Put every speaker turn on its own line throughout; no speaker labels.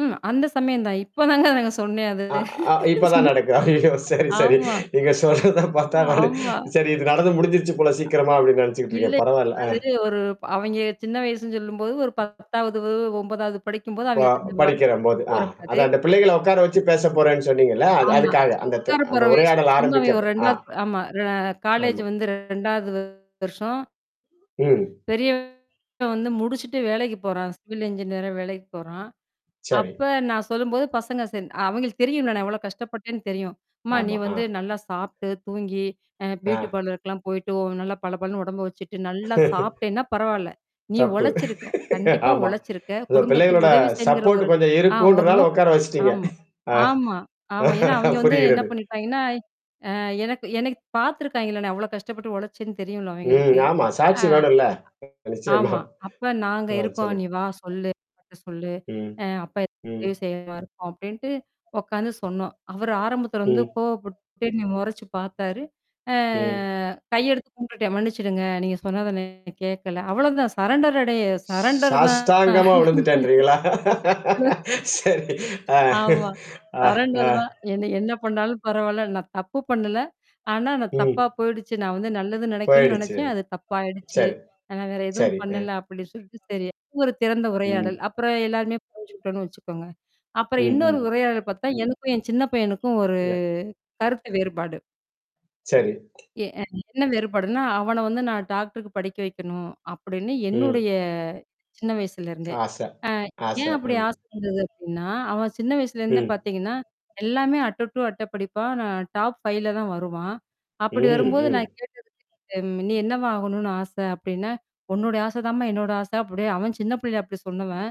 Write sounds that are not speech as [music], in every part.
ம், அந்த சமயம் தான். இப்போ தாங்க சொன்னே அது.
அ அ இப்பதான்
சின்
நடக்குது. ஐயோ! சரி, சரி.
ஆமா,
நீங்கச் சொல்றதை பார்த்தா நானு,
ஆமா.
சரி இது நடந்து முடிஞ்சிருச்சு போல சீக்கிரமா அப்படினு நினைச்சுக்கிட்டு
இல்ல.
இருக்கேன். பரவால்ல. அ.
அது ஒரு அவிங்க சின்ன வயசுன்னு சொல்லும்போது ஒரு 10ஆவது 9ஆவது படிக்கும்போது
ப
அவங்களுக்கு அந்தப்
படிக்கிறம் போது, அ.
பக்குவம் இருக்காது.
அது அந்தப் பிள்ளைகளை உட்கார வச்சு பேசப்போறேன்னு சொன்னீங்கள்ல? அது
ஆமா.
அதுக்காக. அந்த தி
உக்காரு
அந்த
போற வயசு
உரையாடல்
[unintelligible]
ஆரம்பிக்கப்போ அஹ்.
2வது ஆமா ரெ காலேஜ்
ஆமா.
வந்து 2வது வருஷம்
ம்.
பெரியவன் வந்து முடிச்சுட்டு வேலைக்குப் போறான். சிவில் இன்ஜினியரா வேலைக்குப் போறான்.
சரி.
அப்போ நான் சொல்லும்போது பசங்க அவங்களுக்கு தெரியும்ல, நான் எவ்வளவு கஷ்டப்பட்டேன்னு தெரியும். அம்மா நீ
ஆமா.
வந்து
அ.
நல்லா சாப்பிட்டு, தூங்கி, அ பியூட்டி
ஆ.
பார்லர்க்கலாம் போயிட்டு நல்லா பளபளன்னு உடம்பை வச்சிட்டு, நல்லா சாப்பிட்டேன்னா பரவால்ல.
[chuckles]
நீ
தப்பு.
உழைச்சிருக்க.
[laughs]
கண்டிப்பா
ஆமா.
உழைச்சிருக்க.
அது
குடும்பத்துக்கு
பிள்ளைகளோட
உதவி செய்யங்கற ஒரு
சப்போர்ட் கொஞ்சம்
அ ஒரு
இருக்கும்ன்றதுனால
நோக்கம்
உட்கார வச்சிட்டீங்க.
ஆமா.
[chuckles] ஆ.
ஆமா, ஆமா. ஏன்னா, அவங்க வந்து என்ன
புரிகிறது.
பண்ணிட்டாங்க. எனக்கு. எனக்குப் பாத்துருக்காங்களா? நான் எவ்வளவு கஷ்டப்பட்டு உழைச்சேன்னு தெரியும்ல
ம்,
அவங்களுக்கு.
ஆமா.
அ
சாட்சி வேணும்ல, நிச்சயமா.
ஆமா. அப்போ நாங்க
ஆ,
இருக்கோம். நீ
சொல்லுங்க.
வா. சொல்லு. சொல்லு.
ம்,
அப்பா
ம்.
உதவி செய்வார் அப்படின்ட்டு உக்காந்து சொன்னோம். அவரு ஆரம்பத்துல வந்து
ம்.
கோவப்பட்டு என்னய முறைச்சு பாத்தாரு. அ
ம்.
கையெடுத்து கும்பிட்டுட்டேன். மன்னிச்சுடுங்க, நீங்கச் சொன்னதை கேக்கல. அவ்வளவுதான். சரண்டரடைய சரண்டர் தான்.
சாஸ்டாங்கமா விழுந்துட்டேன்ன்றீங்களா?
[laughs]
[laughs] சரி. ஆ,
ஆமா.
ஆ, ஆ.
சரண்டர் தான் என்ன என்ன பண்ணாலும் பரவால்ல. நான் தப்பு பண்ணல. ஆனா, நான்
ம்.
தப்பா போயிடுச்சு. நான் நல்லது நினைக்கணும்னு
போயிடுச்சு.
நினைச்சேன். அது தப்பா ஆயிடுச்சு.
சரி,
நான் வேற எதுவும்
சரி, ம்.
பண்ணல அப்படின்னு சொல்லிட்டு. சரி அது ஒரு திறந்த
ம்.
உரையாடல். அப்புறம் எல்லாருமே புரிஞ்சுக்கிட்டோம்னு வச்சுக்கோங்க. அப்புறம்
ம்,
இன்னொரு
ம்.
உரையாடல் பாத்தா எனக்கும் என் சின்னப் பையனுக்கும் ஒரு
இல்ல.
கருத்து வேறுபாடு.
சரி.
எ-எ என்ன வேறுபாடுன்னா அவனை வந்து நான் டாக்டருக்கு படிக்க வைக்கணும் அப்படின்னு என்னுடைய
ம்.
சின்ன வயசுல இருந்தே.
ஆசை,
அ
ஆசை.
ஏன் அப்படி
ம்.
ஆசை வந்தது அப்படின்னா, அவன் சின்ன வயசுல இருந்தே
ம்.
பாத்தீங்கன்னா, எல்லாமே அட்டை டூ அட்டை படிப்பான். டாப் 5ல தான் வருவான். அப்படி
ம்,
வரும்போது நான்
ம்.
கேட்டதுக்கு நீ என்னவா ஆகணும்னு ஆசை அப்படின்னா, உன்னோட ஆசை தான்மா என்னோட ஆசை. அவன் சின்னப் புள்ளைல அப்படி சொன்னவன்,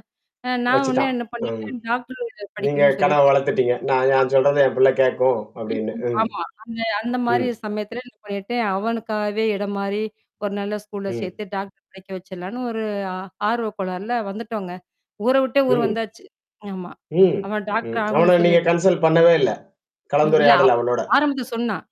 அ நான் உடனே
வச்சிட்டான்,
என்ன
ம்.
பண்ணிட்டேன், டாக்டர் படிக்கணும்னு
நீங்கள் கனவ
சொல்லிட்டு
வளர்த்துட்டீங்க. நா நான்
ஆமா.
சொல்றதை என் பிள்ளை கேக்கும் அப்படின்னு,
[unintelligible]
ம்,
ஆமா. அந்த அந்த மாதிரி
ம்.
சமயத்துல என்ன பண்ணிட்டேன், அவனுக்காகவே இடம் மாறி, ஒரு நல்ல ஸ்கூல்ல
ம்.
சேர்த்து டாக்டர் படிக்க வச்சிருலாம்ணு ஒரு ஆ ஆர்வக் கோளார்ல வந்துட்டோங்க. ஊரை விட்டே ஊர்
ம்.
வந்தாச்சு. ஆமா.
ம்,
அவன்
ம்.
டாக்டர்
அவனை
ஆகணும்ன்னு
நீங்க
சொல்லிட்
கன்சல் பண்ணவே இல்ல
ம், இல்ல,
கலந்துரையாடல்
அவ்
அவனோட.
ஆரம்பத்துல சொன்னான்.